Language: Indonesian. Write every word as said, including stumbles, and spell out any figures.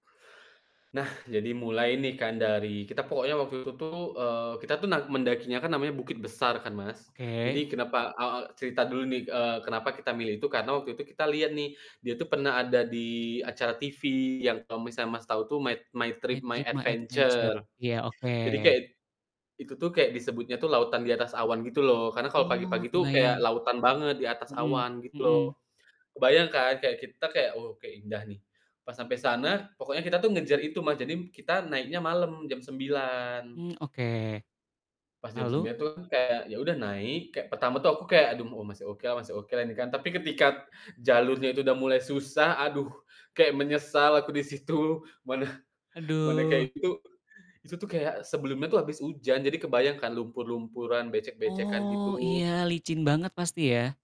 Nah, jadi mulai nih kan, dari kita pokoknya waktu itu tuh, eee, kita tuh nak mendakinya kan namanya Bukit Besar kan, Mas. Oke. Jadi kenapa aw ak cerita dulu nih, eee, kenapa kita milih itu, karena waktu itu kita liat nih dia tuh pernah ada di acara TV yang kalau misalnya Mas, tahu tuh mait My My Trip My Trip My Adventure, Adventure. iya, oke. Jadi kayak, itu tuh kayak disebutnya tuh lautan di atas awan gitu loh, karena kalau Oh, pagi-pagi tuh kayak kebayang. lautan banget di atas Mhm awan, gitu loh. mhm. Kebayang kan, kayak kita, kayak, "Wow, kayak indah nih." Pas sampai sana, pokoknya kita tuh ngejar itu Mas, jadi m kita naiknya malam jam sembilan. Mmm, oke. Pas jam Lalu? sembilan tuh kan kayak ya udah naik, kayak pertama tuh aku kayak, "Aduh, m oh, masih oke lah masih oke lah ini kan." Tapi ketika jalurnya itu udah mulai susah aduh, kayak menyesal aku di situ, mana mana Aduh. kayak gitu. Itu tuh kayak sebelumnya tuh habis hujan, jadi kebayang kan lumpur-lumpuran, becek-becekan, Oh, iya, gitu. licin banget pasti ya?